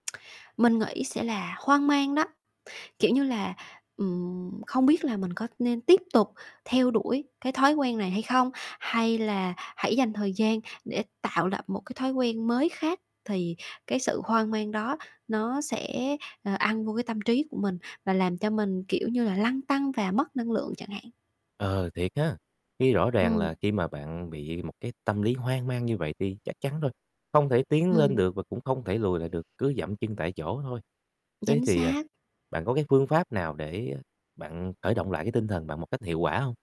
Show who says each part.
Speaker 1: Mình nghĩ sẽ là hoang mang đó, kiểu như là, ừm, không biết là mình có nên tiếp tục theo đuổi cái thói quen này hay không? Hay là hãy dành thời gian để tạo lập một cái thói quen mới khác thì cái sự hoang mang đó nó sẽ, ờ, ăn vô cái tâm trí của mình và làm cho mình, kiểu như là, lăn tăn và mất năng lượng chẳng hạn.
Speaker 2: Ờ, thiệt ha! Khi rõ ràng
Speaker 1: Ừm.
Speaker 2: là khi mà bạn bị một cái tâm lý hoang mang như vậy thì chắc chắn rồi, không thể tiến lên
Speaker 1: Ừm.
Speaker 2: được và cũng không thể lùi lại được, cứ giậm chân tại chỗ thôi. Thế
Speaker 1: Chính
Speaker 2: thì, à,
Speaker 1: xác.
Speaker 2: bạn có cái phương pháp nào để bạn khởi động lại cái tinh thần bạn một cách hiệu quả hông?